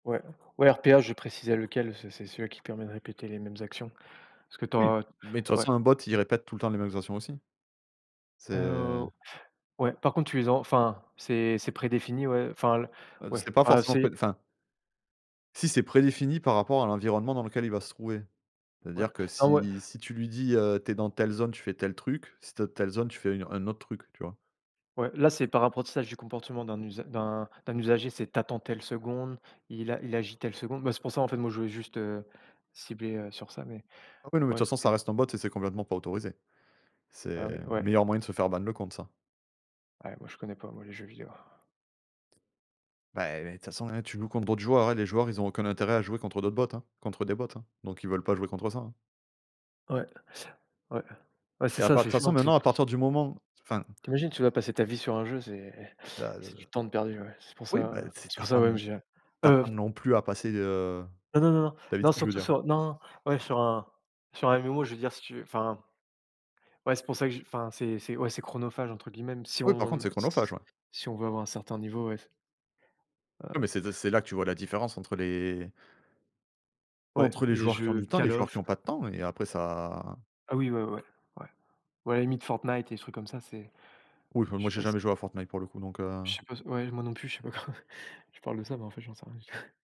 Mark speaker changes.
Speaker 1: Ouais, ouais, RPA, je précisais lequel. C'est c'est celui-là qui permet de répéter les mêmes actions, parce que tu
Speaker 2: Oui,
Speaker 1: as
Speaker 2: mais de toute
Speaker 1: ouais.
Speaker 2: façon, un bot, il répète tout le temps les mêmes actions aussi. C'est,
Speaker 1: Heu,
Speaker 2: heu
Speaker 1: au ouais, par contre tu les as enfin, c'est c'est prédéfini, ouais, enfin le
Speaker 2: Heu,
Speaker 1: ouais,
Speaker 2: c'est pas
Speaker 1: ah,
Speaker 2: forcément
Speaker 1: c'est
Speaker 2: préd enfin si, c'est prédéfini par rapport à l'environnement dans lequel il va se trouver,
Speaker 1: Ouais.
Speaker 2: c'est-à-dire que
Speaker 1: Non, ouais
Speaker 2: si si tu lui dis: «Heu, tu es dans telle zone, tu fais tel truc. Si tu es dans telle zone, tu fais une au un autre truc», tu vois?
Speaker 1: Ouais, là, c'est par apprentissage du comportement d'un usa d'un d'un usager. C'est tu attends telle seconde, il a il agit telle seconde. Ben, c'est pour ça, en fait, moi, je voulais juste, heu, cibler, heu, sur ça mais
Speaker 2: Après, non, mais de
Speaker 1: ouais,
Speaker 2: toute façon, ça
Speaker 1: c'est
Speaker 2: reste un bot et c'est complètement pas autorisé.
Speaker 1: Ah
Speaker 2: C'est le
Speaker 1: oui, ouais.
Speaker 2: meilleur moyen de se faire ban le compte, ça.
Speaker 1: Ouais, moi, je connais pas, moi, les jeux vidéos.
Speaker 2: Bah, ouais, de toute façon, hein, tu joues contre d'autres joueurs, hein. Les joueurs ils ont aucun intérêt à jouer contre d'autres bots, hein contre des bots, hein? Donc, ils veulent pas jouer contre ça, hein
Speaker 1: Ouais ouais ouais,
Speaker 2: parce
Speaker 1: c'est
Speaker 2: qu'il y a
Speaker 1: ça,
Speaker 2: pat de
Speaker 1: c'est
Speaker 2: toute façon,
Speaker 1: chiant tu
Speaker 2: maintenant, à
Speaker 1: [unintelligible]
Speaker 2: partir du moment enfin
Speaker 1: ...tu imagines, tu vas passer ta vie sur un jeu. C'est
Speaker 2: Bah,
Speaker 1: c'est du
Speaker 2: heu,
Speaker 1: temps de perdu. Ouais, c'est pour
Speaker 2: oui,
Speaker 1: ça,
Speaker 2: bah,
Speaker 1: heu,
Speaker 2: si
Speaker 1: c'est
Speaker 2: tu
Speaker 1: pour
Speaker 2: as
Speaker 1: ça,
Speaker 2: pas
Speaker 1: moi même
Speaker 2: non
Speaker 1: j'ai
Speaker 2: tu as
Speaker 1: heu
Speaker 2: pas non plus à passer, heu,
Speaker 1: Non non non non
Speaker 2: ta vie
Speaker 1: non,
Speaker 2: dessus, je veux
Speaker 1: surtout
Speaker 2: dire.
Speaker 1: sur non, non, ouais sur un sur un MMO, je veux dire, si tu veux, enfin. Ouais, c'est pour ça que j'y enfin c'est c'est ouais, c'est «chronophage,» entre guillemets si
Speaker 2: Oui, par contre,
Speaker 1: on
Speaker 2: c'est chronophage, ouais.
Speaker 1: si on veut avoir un certain niveau, ouais.
Speaker 2: Non,
Speaker 1: Heu
Speaker 2: mais c'est de c'est là que tu vois la différence entre les
Speaker 1: Ouais,
Speaker 2: entre les
Speaker 1: les
Speaker 2: joueurs qui ont
Speaker 1: jeux
Speaker 2: du temps, les
Speaker 1: Call
Speaker 2: joueurs
Speaker 1: of
Speaker 2: qui ont pas de temps et après ça
Speaker 1: Ah oui, ouais ouais ouais. Ouais, limite, Fortnite, des trucs comme ça c'est
Speaker 2: Oui, enfin,
Speaker 1: je
Speaker 2: moi,
Speaker 1: sais
Speaker 2: j'ai
Speaker 1: pas si
Speaker 2: jamais joué à Fortnite, pour le coup, donc
Speaker 1: ...je
Speaker 2: heu
Speaker 1: sais pas s ouais, moi non plus je sais pas quoi. Je parle de ça, mais en fait, j'en sais rien du tout.